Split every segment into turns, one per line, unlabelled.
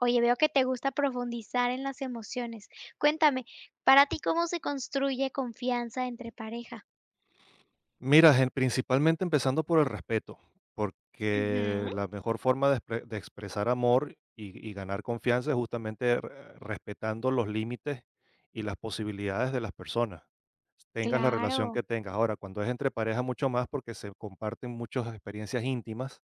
Oye, veo que te gusta profundizar en las emociones. Cuéntame, ¿para ti cómo se construye confianza entre pareja?
Mira, ge principalmente empezando por el respeto, porque
Ujú.
la mejor forma de exp de expresar amor y ga y ganar confianza es justamente r respetando los límites y las posibilidades de las personas, s tengas la relación
Claro.
que tengas, ahora, cuando es entre parejas, mucho más, porque se comparten muchas experiencias íntimas,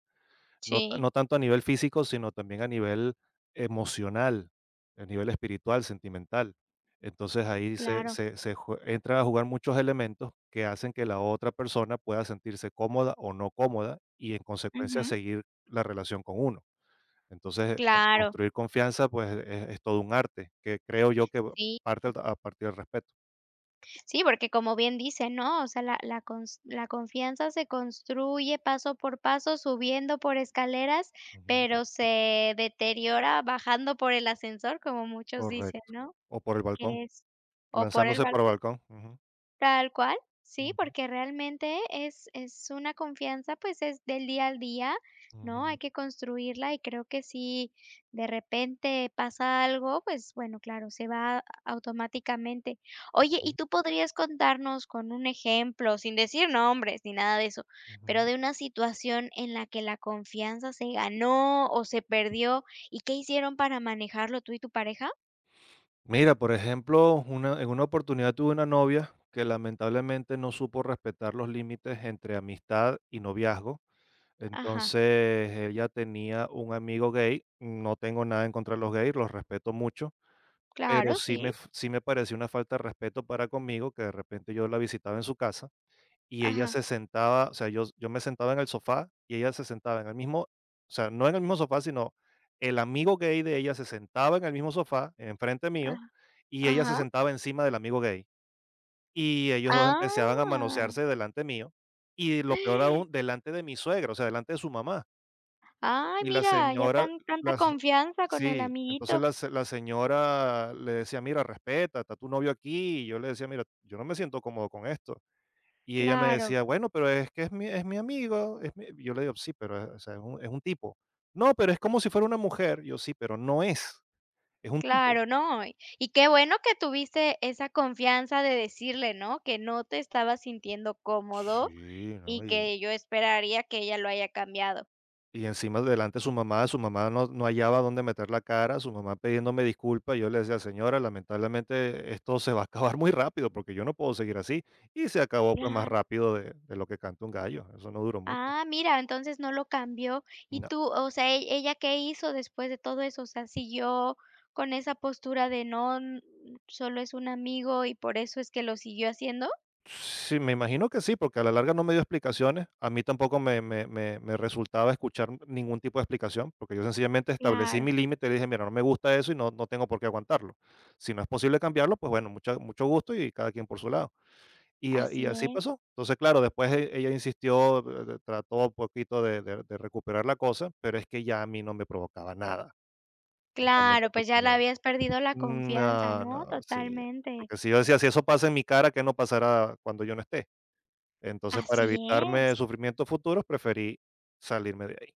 no ta
Sí.
no tanto a nivel físico, sino también a nivel emocional, el nivel espiritual, sentimental. Entonces ahí se
Claro.
se se ju entran a jugar muchos elementos que hacen que la otra persona pueda sentirse cómoda o no cómoda y, en consecuencia,
Ujú.
seguir la relación con uno. Entonces con
Claro.
construir confianza, pues es es todo un arte que creo yo que
Sí.
parte a partir del respeto.
Sí, porque como bien dicen, ¿no? O sea, la la cons la confianza se construye paso por paso, subiendo por escaleras,
Ujú.
pero se deteriora bajando por el ascensor, como muchos dicen,
Correcto.
¿no?
O por el balcón.
Que es O por el
Lanzándose por el
balcón.
balcón, ujú.
Tal cual. Sí,
Ujú.
porque realmente, es es una confianza, pues, es del día al día, ¿no?, hay
Ujú.
que construirla, y creo que si de repente pasa algo, pues, bueno, claro, se va automáticamente. Oye, y
Ujú.
tú podrías contarnos, con un ejemplo, sin decir nombres ni nada de eso, pero
Ujú.
de una situación en la que la confianza se ganó o se perdió. ¿Y qué hicieron para manejarlo, tú y tu pareja?
Mira, por ejemplo, una en una oportunidad, tuve una novia, que lamentablemente, no supo respetar los límites entre amistad y noviazgo.
Ajá.
Entonces, ella tenía un amigo gay, no tengo nada en contra de los gays, los respeto mucho. Pero
Claro,
sí me
sí.
f sí me pareció una falta de respeto para conmigo, que de repente, yo la visitaba en su casa, y ella
Ajá.
se sentaba O sea, yo yo me sentaba en el sofá, y ella se sentaba en el mismo o sea, no en el mismo sofá, sino el amigo gay de ella, se sentaba en el mismo sofá, enfrente mío,
Ajá.
y ella se
Ajá.
sentaba encima del amigo gay. Y ellos 2, empezaban a
Ah.
manosearse, delante mío. Y lo peor, aún delante de mi suegra, o sea, delante de su mamá.
Ay,
Y la
mira, ya
señora,
tan tanta
la señ
confianza con el
Sí, entonces
amiguito.
la s la señora le decía: "Mira, respeta, está tu novio aquí", y yo le decía: "Mira, yo no me siento cómodo con esto". Y ella me
Claro.
decía: "Bueno, pero es que es mi es mi amigo es mi", yo le digo: "Sí, pero, o sea, es un es un tipo". "No, pero es como si fuera una mujer". Yo: "Sí, pero no es, es un tipo".
Claro, no. Y qué bueno que tuviste esa confianza de decirle, ¿no?, que no te estabas sintiendo cómodo
Sí, no
y
y
que yo esperaría que ella lo haya cambiado.
Y encima delante de su mamá, su mamá no no hallaba dónde meter la cara. Su mamá pidiéndome disculpas, yo le decía: "Señora, lamentablemente, esto se va a acabar muy rápido porque yo no puedo seguir así". Y se acabó, pues, más
Claro.
rápido de de lo que canta un gallo. Eso no duró mucho.
Ah, mira, entonces no lo cambió. ¿Y
No.
tú? o sea, ell ella ¿qué hizo después de todo eso? O sea, ¿siguió con esa postura de: "No, n solo es un amigo", y por eso es que lo siguió haciendo?
Sí, me imagino que sí, porque a la larga no me dio explicaciones. A mí tampoco me me me me resultaba escuchar ningún tipo de explicación porque yo sencillamente establecí
Claro.
mi límite y le dije: "Mira, no me gusta eso y no, no tengo por qué aguantarlo. Si no es posible cambiarlo. Pues, bueno, mucha mucho gusto y cada quien por su lado". Y a y
Así
así
es.
pasó. Entonces, claro, después e ella insistió, trató un poquito de de de recuperar la cosa, pero es que ya a mí no me provocaba nada. Justamente
Claro. Pues,
porque
ya le
no.
habías perdido la confianza,
No,
¿no?
no, sí,
Totalmente.
porque si yo decía: "Si eso pasa en mi cara, ¿qué no pasará cuando yo no esté?". Entonces, para
Así es.
evitarme sufrimientos futuros, preferí salirme de ahí.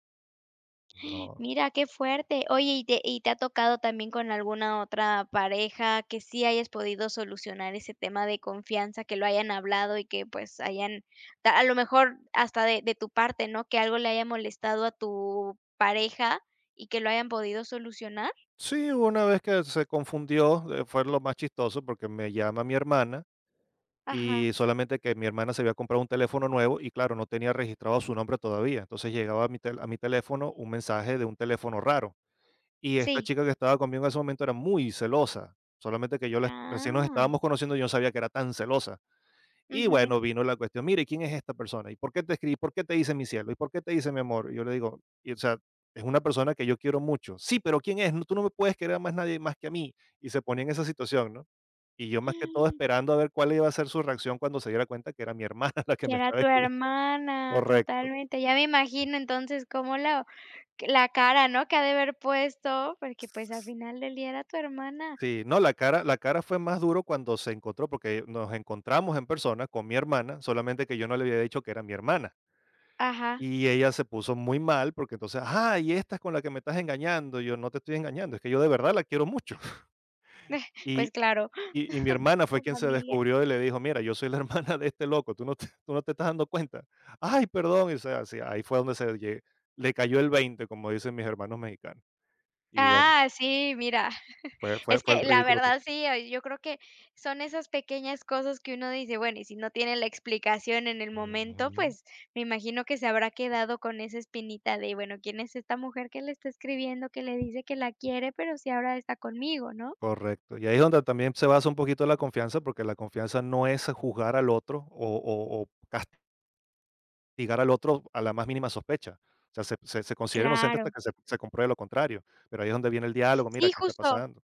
No.
Mira, qué fuerte. Oye, y te y, ¿te ha tocado también con alguna otra pareja que sí hayas podido solucionar ese tema de confianza?, que lo hayan hablado y que pues hayan, t a lo mejor hasta de de tu parte, ¿no?, que algo le haya molestado a tu pareja y que lo hayan podido solucionar.
Sí, hubo una vez que se confundió, fue lo más chistoso porque me llama mi hermana,
Ajá.
y solamente que mi hermana se había comprado un teléfono nuevo y claro, no tenía registrado su nombre todavía. Entonces llegaba a mi tel a mi teléfono un mensaje de un teléfono raro. Y esta
Sí.
chica que estaba conmigo en ese momento era muy celosa, solamente que yo la recién nos
Ah.
estábamos conociendo y yo no sabía que era tan celosa. Y
Ujú.
bueno, vino la cuestión. "Mira y, ¿quién es esta persona? ¿Y por qué te escribe? Y, ¿por qué te dice mi cielo? Y, ¿por qué te dice mi amor?", y yo le digo: "O sea, es una persona que yo quiero mucho". "Sí, pero ¿quién es? Tú no me puedes querer a más nadie más que a mí", y se ponía en esa situación, ¿no? Y yo más que todo esperando a ver cuál iba a ser su reacción cuando se diera cuenta que era mi hermana la que
Que
me
era
estaba
tu
escribi
hermana.
Correcto.
Totalmente. Ya me imagino. Entonces cómo lo la cara, ¿no?, que ha de haber puesto porque, pues, al final del día era tu hermana.
Sí, no, la cara la cara fue más duro cuando se encontró porque nos encontramos en persona con mi hermana. Solamente que yo no le había dicho que era mi hermana.
Ajá.
Y ella se puso muy mal porque entonces: "Ajá, y esta es con la que me estás engañando". Y yo: "No te estoy engañando. Es que yo de verdad la quiero mucho".
Pues,
Y
claro.
y y mi hermana fue
Con
quien se
familia.
descubrió y le dijo: "Mira, yo soy la hermana de este loco, tú no t ¿tú no te estás dando cuenta?". "Ay, perdón", o sea si, y ahí fue donde se lle le cayó el 20, como dicen mis hermanos mexicanos. Y bueno
Ah, sí. Mira,
fue fue
es
fue el
que, la
ridículo tot
verdad sí, oye, yo creo que son esas pequeñas cosas que uno dice bueno, y si no tiene la explicación en el momento,
Ujú.
pues, me imagino que se habrá quedado con esa espinita de: "Bueno, ¿quién es esta mujer que le está escribiendo que le dice que la quiere, pero si ahora está conmigo", ¿no?
Correcto. Y ahí es donde también se basa un poquito la confianza, porque la confianza no es juzgar al otro o o o cast Ligar al otro, a la más mínima sospecha. O sea, se se considera inocente, hasta
Claro.
que se se compruebe lo contrario. Pero ahí es donde viene el diálogo: "Mira,
Sí,
qué está
justo.
pasando".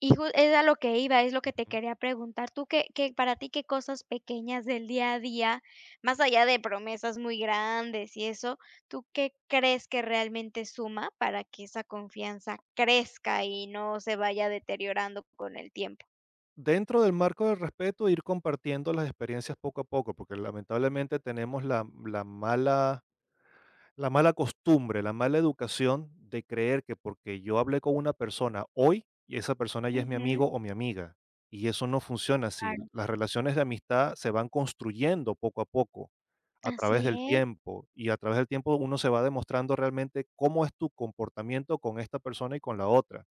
Y jus es a lo que iba. Es lo que te
Ujú.
quería preguntar. Tú, qué qué Para ti, ¿qué cosas pequeñas, del día a día?, más allá de promesas muy grandes, y eso. ¿Tú qué crees, que realmente suma para que esa confianza crezca, y no se vaya deteriorando con el tiempo?
Dentro del marco del respeto, ir compartiendo las experiencias poco a poco, porque lamentablemente, tenemos la m la mala la mala costumbre, la mala educación, de creer, que porque yo hablé con una persona hoy, y esa persona ya es mi
Ujú.
amigo o mi amiga. Y eso no
Sí,
funciona así.
claro.
Las relaciones de amistad, se van construyendo poco a poco, a través
Así
del
es.
tiempo. Y a través del tiempo, uno se va demostrando realmente, cómo es tu comportamiento con esta persona, y con la otra.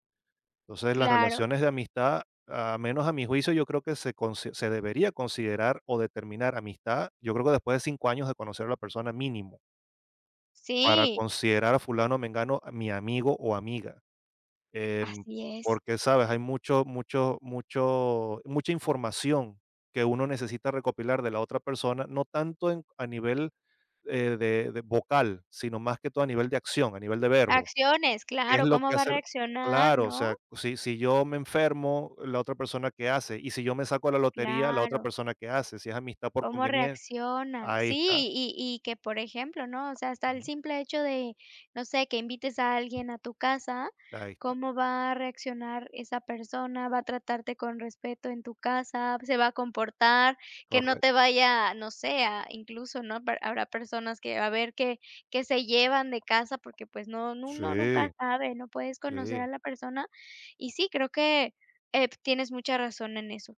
Entonces, las
Claro.
relaciones de amistad, a menos a mi juicio, yo creo que se consi se debería considerar, o determinar amistad, yo creo, que después de 5 años, de conocer a la persona, mínimo. Para
Sí.
considerar a fulano o mengano, mi amigo o amiga, em,
Así es.
porque, ¿sabes?, hay mucho mucho mucho mucha información, que uno necesita recopilar de la otra persona, no tanto en a nivel, eh, de de vocal, sino más que todo a nivel de acción a nivel de verbo.
Acciones,
¿Qué es
claro.
lo
¿Cómo
que
va a
hace el?
reaccionar,
Claro, o
no?
sea, si si yo me enfermo, ¿la otra persona que hace? Y, ¿si yo me saco a la lotería, la otra
Claro.
persona qué hace? Si es amistad por
Cómo
convenien
reacciona.
Ahí
Sí,
está.
y y y que por ejemplo ¿no? O sea, hasta el
Ujú.
simple hecho de, no sé, que invites a alguien a tu casa,
Ahí esta.
¿cómo va a reaccionar esa persona? ¿Va a tratarte con respeto en tu casa? ¿Se va a comportar? Que no
Correcto.
te vaya, no sé, a incluso ¿no?, per habrá personas que, a ver que que se llevan de casa porque pues no uno nunca
Sí.
sabe. No puedes conocer
Sí.
a la persona y sí, creo que, eh, p tienes mucha razón en eso.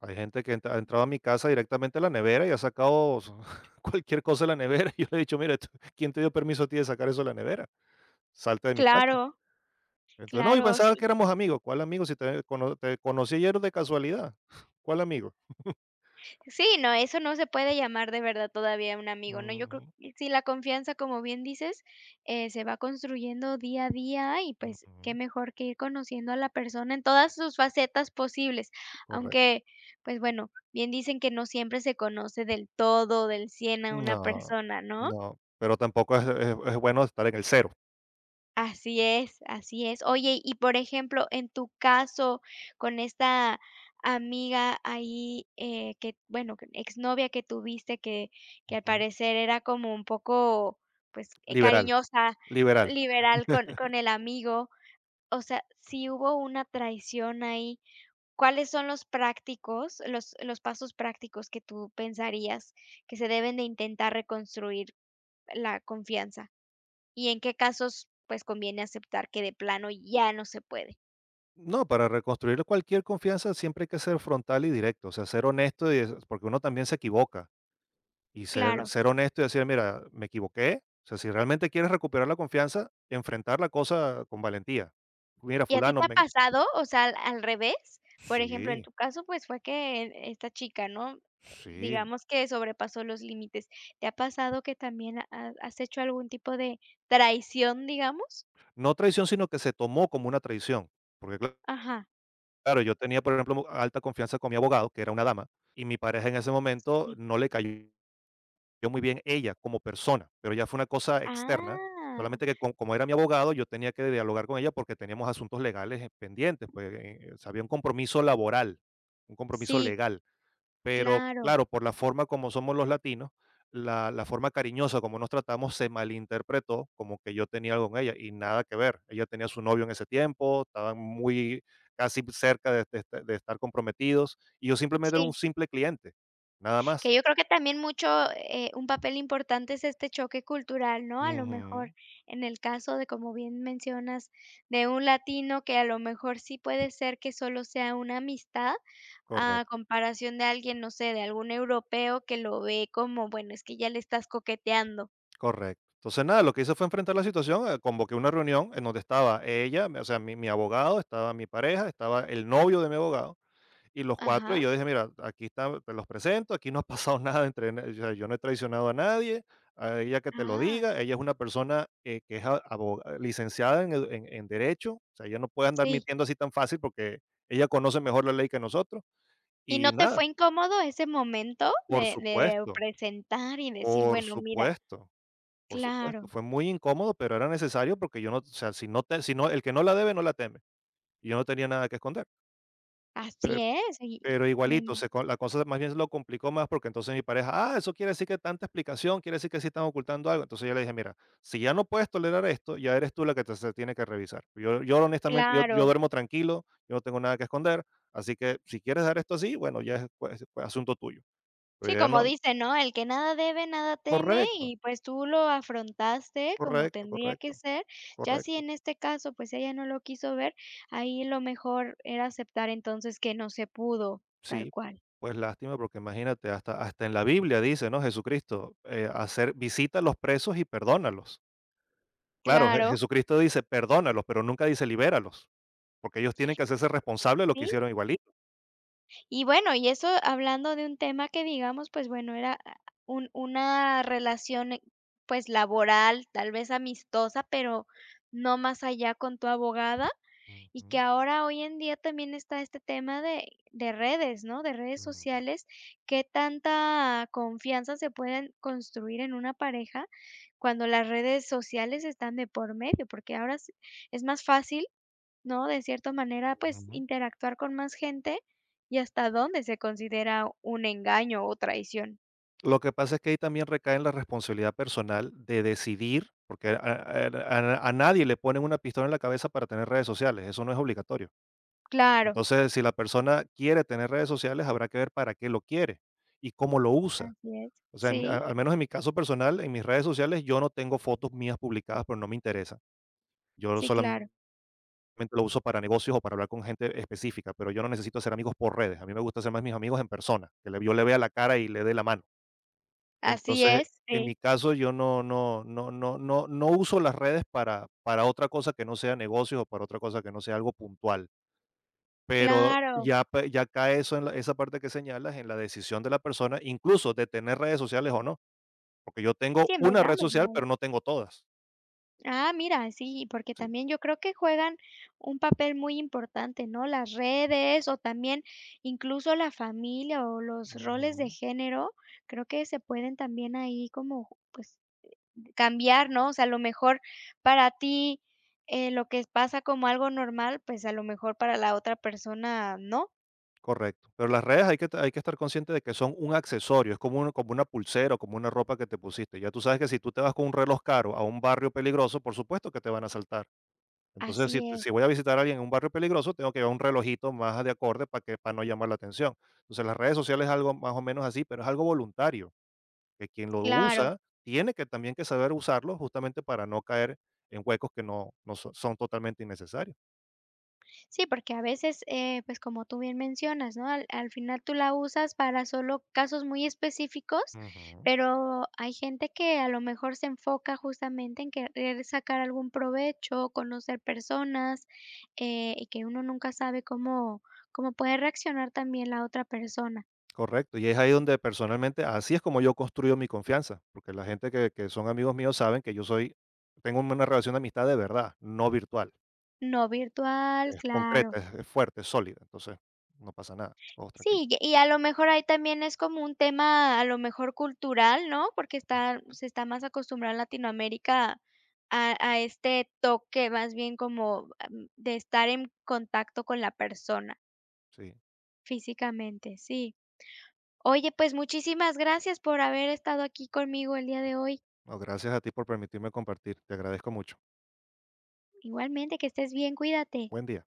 Hay gente que ha entra ha entrado a mi casa directamente a la nevera y ha sacado su cualquier cosa de la nevera y yo le he dicho: "Mira tú ¿quién te dio permiso a ti de sacar eso de la nevera? Salte de mi casa".
Claro.
Entonces: "No, yo
Claro,
pensaba que
sí.
éramos amigos". "¿Cuál amigos? Si todavía cono te conocí y eres de casualidad, ¿cuál amigos?".
Sí, no, eso no se puede llamar de verdad todavía un amigo ¿no? Yo creo
Ujú.
que, sí la confianza, como bien dices, eh, se va construyendo día a día, y pues qué
Ujú.
mejor que ir conociendo a la persona en todas sus facetas posibles.
Correc
Aunque pues bueno, bien dicen que: "No siempre se conoce del todo, del 100 a una
No,
persona", ¿no?
no. Pero tampoco es es es bueno estar en el 0.
Así es, así es. Oye, y por ejemplo, en tu caso con esta amiga ahí, eh, que bueno, que exnovia que tuviste que que al
Ujú.
parecer era como un poco, pues, eh,
Liberal,
cariñosa,
liberal.
liberal con con el amigo. O sea, si hubo una traición ahí, ¿cuáles son los prácticos los los pasos prácticos que tú pensarías que se deben de intentar reconstruir la confianza? Y, ¿en qué casos, pues, conviene aceptar que de plano ya no se puede?
No, para reconstruir cualquier confianza siempre hay que ser frontal y directo, o sea, ser honesto y eso, porque uno también se equivoca. Y ser
Claro.
ser honesto y decir: "Mira, me equivoqué". O sea, si realmente quieres recuperar la confianza, enfrentar la cosa con valentía. "Mira,
¿Y a ti
fulano,
te ha
me"
pasado? O sea, ¿al al revés? Por ejemplo, en
Sí.
tu caso, pues fue que esta chica, ¿no?,
Sí.
digamos que sobrepasó los límites. ¿Te ha pasado que también has has hecho algún tipo de traición, digamos?
No traición, sino que se tomó como una traición, porque [unintelligible]
Ajá.
Claro, yo tenía, por ejemplo, alta confianza con mi abogado, que era una dama. Y mi pareja, en ese momento,
Sí.
no le cayó muy bien, ella como persona, pero ya fue una cosa externa.
Ah.
Solamente, que co como era mi abogado, yo tenía que dialogar con ella, porque teníamos asuntos legales, eh, pendientes, pues, eh, o sea, había un compromiso laboral, un compromiso
Sí.
legal. Pero
Claro.
claro, por la forma como somos los latinos, la la forma cariñosa como nos tratamos, se malinterpretó, como que yo tenía algo con ella, y nada que ver. Ella tenía su novio, en ese tiempo. Estaba muy casi p cerca de de est de estar comprometidos. Y yo, simplemente, era un
Sí.
simple cliente, nada más.
Que yo creo, que también mucho, eh, un papel importante, es este choque cultural, ¿no? A lo mejor,
Ujú.
en el caso de como bien mencionas, de un latino que a lo mejor, sí puede ser que solo sea una amistad,
Correc
a comparación de alguien, no sé, de algún europeo, que lo ve como: "Bueno, es que ya le estás coqueteando".
Correcto. Entonces, nada, lo que hice, fue enfrentar la situación. Convoqué una reunión, en donde estaba ella, mi o sea, mi mi abogado, estaba mi pareja, estaba el novio de mi abogado, y los cuatro. Y
Ajá.
yo dije: "Mira, aquí está, te los presento, aquí no ha pasado nada, entre n O sea, yo no he traicionado a nadie, a ella que te lo
Ah.
diga, ella es una persona, que que es abo licenciada en edu en en derecho. O sea, ella no puede andar
Sí.
mintiendo así tan fácil, porque ella conoce mejor la ley, que nosotros".
Y, ¿no
Y
te
nada.
fue incómodo, ese momento?
Por
De de
supuesto.
presentar, y decir:
Por
"Bueno, mira".
supuesto. Por supuesto.
Claro.
Fue muy incómodo, pero era necesario, porque yo no O sea, si no te si no El que no la debe, no la teme. Y yo no tenía nada que esconder. Per
Así es y
pero
me
igualito,
ima
se co la cosa más bien se lo complicó más porque entonces mi pareja: "Ah, eso quiere decir que tanta explicación, quiere decir que sí están ocultando algo". Entonces yo le dije: "Mira, si ya no puedes tolerar esto, ya eres tú la que te se tiene que revisar. Yo yo honestamente, yo yo
Claro.
duermo tranquilo, yo no tengo nada que esconder, así que si quieres dar esto así, bueno, ya ej pues pues asunto tuyo", pero
Sí,
yo ya
como
no
dicen, ¿no?, "el que nada debe nada teme"
Correcto.
y, pues, tú lo afrontaste como
Correcto,
tendría que
correcto.
ser, ya si
Correcto.
en este caso, pues, ella no lo quiso ver, ahí lo mejor era aceptar entonces que no se pudo. Tal
Sí,
cual.
pues, lástima, porque imagínate hasta hasta en la Biblia dice, ¿no?: "Jesucristo, eh, hacer visita a los presos y perdónalos". Claro. Je
Claro.
Jesucristo dice: "Perdónalos", pero nunca dice libéralos porque ellos tienen que hacerse responsables de lo que
Sí.
hicieron igualito.
Y bueno, y eso hablando de un tema que digamos, pues, bueno, era ah un una relación, pues, laboral, tal vez amistosa, pero no más allá con tu abogada y que
Ujú.
ahora hoy en día también está este tema de de redes, ¿no?, de redes
Ujú.
sociales. ¿Qué tanta confianza se pueden construir en una pareja cuando las redes sociales están de por medio? Porque ahora es es más fácil, ¿no?, de cierta manera, pues,
Ujú.
interactuar con más gente y, ¿hasta dónde se considera un engaño o traición?
Lo que pasa es que ahí también recaen la responsabilidad personal de decidir, porque a er a n a nadie le ponen una pistola en la cabeza para tener redes sociales. Eso no es obligatorio.
Claro.
Entonces, si la persona quiere tener redes sociales, habrá que ver para qué lo quiere y cómo lo usa.
Así es,
O sea,
sí.
al menos en mi caso personal en mis redes sociales, yo no tengo fotos mías publicadas, porque no me interesa. Yo
Sí,
sola
claro.
mente lo uso para negocios o para hablar con gente específica, pero yo no necesito hacer amigos por redes. A mí me gusta ser más mis amigos en persona que le yo les vea la cara y les dé la mano.
Así
Entonces,
es,
en
sí.
mi caso, yo no no no no no no uso las redes para para otra cosa que no sea negocios, o para otra cosa que no sea algo puntual. Pero
Claro.
ya p ya cae eso en la esa parte que señalas en la decisión de la persona, incluso, de tener redes sociales o no. Porque yo tengo
Sí,
una red
empezando por
social,
ahí.
pero no tengo todas.
Ah, mira, sí, porque
Sí.
también yo creo que juegan un papel muy importante, ¿no?, las redes, o también, incluso, la familia o los roles de
Ujú.
género. Creo que se pueden también ahí como, pues, cambiar, ¿no? O sea, a lo mejor para ti, eh, lo que es pasa como algo normal, pues, a lo mejor para la otra persona, no.
Correcto, pero las redes hay que hay que estar consciente de que son un accesorio. Es como un como una pulsera o como una ropa que te pusiste ya tú sabes que si tú te vas con un reloj caro a un barrio peligroso, por supuesto que te van a asaltar. Entonces si
Así
t
es.
si voy a visitar a alguien en un barrio peligroso, tengo que llevar un relojito más a de acorde para que para no llamar la atención. Entonces las redes sociales es algo más o menos así, pero es algo voluntario que quien lo
Claro.
usa tiene que también que saber usarlo justamente para no caer en huecos que no no so son totalmente innecesarios.
Sí, porque a veces, eh, pues como tú bien mencionas, ¿no?, al al final tú la usas para solo casos muy específicos,
Ujú.
pero hay gente que a lo mejor se enfoca justamente en querer sacar algún provecho, conocer personas, eh, y que uno nunca sabe cómo cómo puede reaccionar también la otra persona.
Correcto, y es ahí donde personalmente así es como yo construyo mi confianza porque la gente que que son amigos míos saben que yo soy tengo una relación de amistad de verdad, no virtual.
No virtual,
Es concreta,
claro.
e es fuerte, sólida. Entonces no pasa nada, todos tranquilos.
Sí, ye y a lo mejor ahí también es como un tema a lo mejor cultural, ¿no?, porque está
Ujú.
se está más acostumbrado en Latinoamérica a a este toque más bien como, am, de estar en contacto con la persona.
Sí.
Físicamente, sí. Oye, pues muchísimas gracias por haber estado aquí conmigo el día de hoy.
No, gracias a ti por permitirme compartir. Te agradezco mucho.
Igualmente que estés bien. Cuídate.
Buen día.